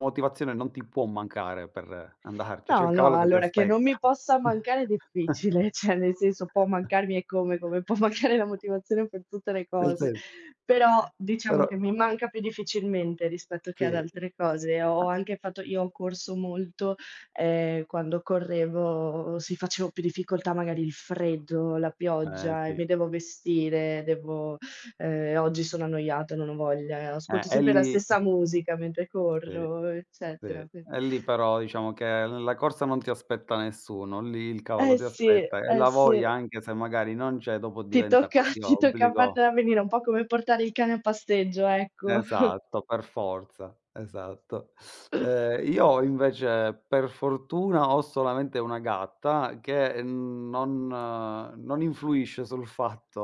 Motivazione non ti può mancare per andarci, c'è il No, no, cavallo che ti allora, che non aspetta. mi possa mancare è difficile, cioè nel senso, può mancarmi eccome, come può mancare la motivazione per tutte le Nel cose. sen Però, diciamo Però che mi manca più difficilmente rispetto che ad Sì. altre cose. Ho anche fatto io ho corso molto, ehm, quando correvo, sì, facevo più difficoltà, magari il freddo, la Eh, pioggia e sì. mi devo vestire, devo ehm, oggi sono annoiata, non ho voglia, Eh, ascolto e sempre la lì stessa musica mentre Sì, corro, sì, eccetera, qui e lì però diciamo che nella corsa non ti aspetta nessuno, lì il cavallo Eh ti sì, aspetta, e eh la sì. voglia, anche se magari non c'è, dopo Ti diventa tocca, quasi ti tocca obbligo. fartela venire, un po' come portare il cane a passeggio, ecco. Esatto, per forza, esatto. Ehm, io invece, per fortuna, ho solamente una gatta che n non non influisce sul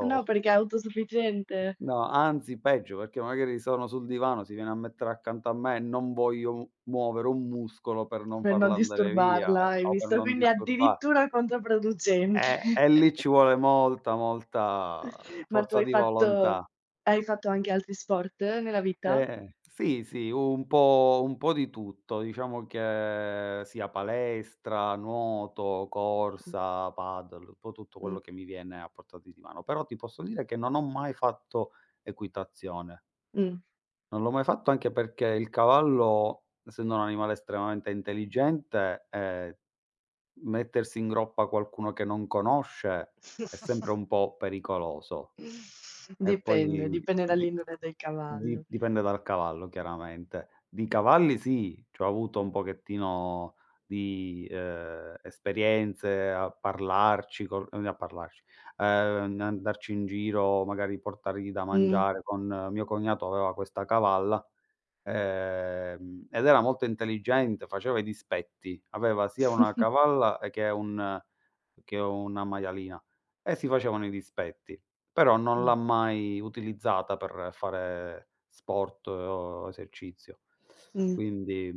No, perché è autosufficiente. no, anzi peggio, perché magari sono sul divano, si viene a mettere accanto a me e non voglio m muovere un muscolo per non Per non farla andare via, disturbarla, ehm, hai o per visto, non quindi disturba addirittura controproducente. eh, e lì ci vuole molta, molta Ma tu forza hai di fatto volontà. hai fatto anche altri sport nella vita? Eh, sì, sì, un po' un po' di tutto, diciamo che sia palestra, nuoto, Mh. corsa, padel, un po' tutto Mh. quello che mi viene a portate di mano, però ti posso dire che non ho mai fatto equitazione. Mh. Non l'ho mai fatto anche perché il cavallo, essendo un animale estremamente intelligente, ehm, mettersi in groppa qualcuno che non conosce, è sempre un po' pericoloso. E Dipende, poi dipende di dall'indole del di cavallo. dipende dal cavallo, chiaramente. Di cavalli sì, c'ho avuto un pochettino di, uhm, esperienze a parlarci con ehm, a parlarci, uhm, n andarci in giro, magari portargli da Mh. mangiare con mio cognato aveva questa cavalla, ehm, ed era molto intelligente, faceva i dispetti. Aveva sia una cavalla e che un che una maialina, e si facevano i dispetti. Però non Mh. l'ha mai utilizzata per fare sport o esercizio. Mh. Quindi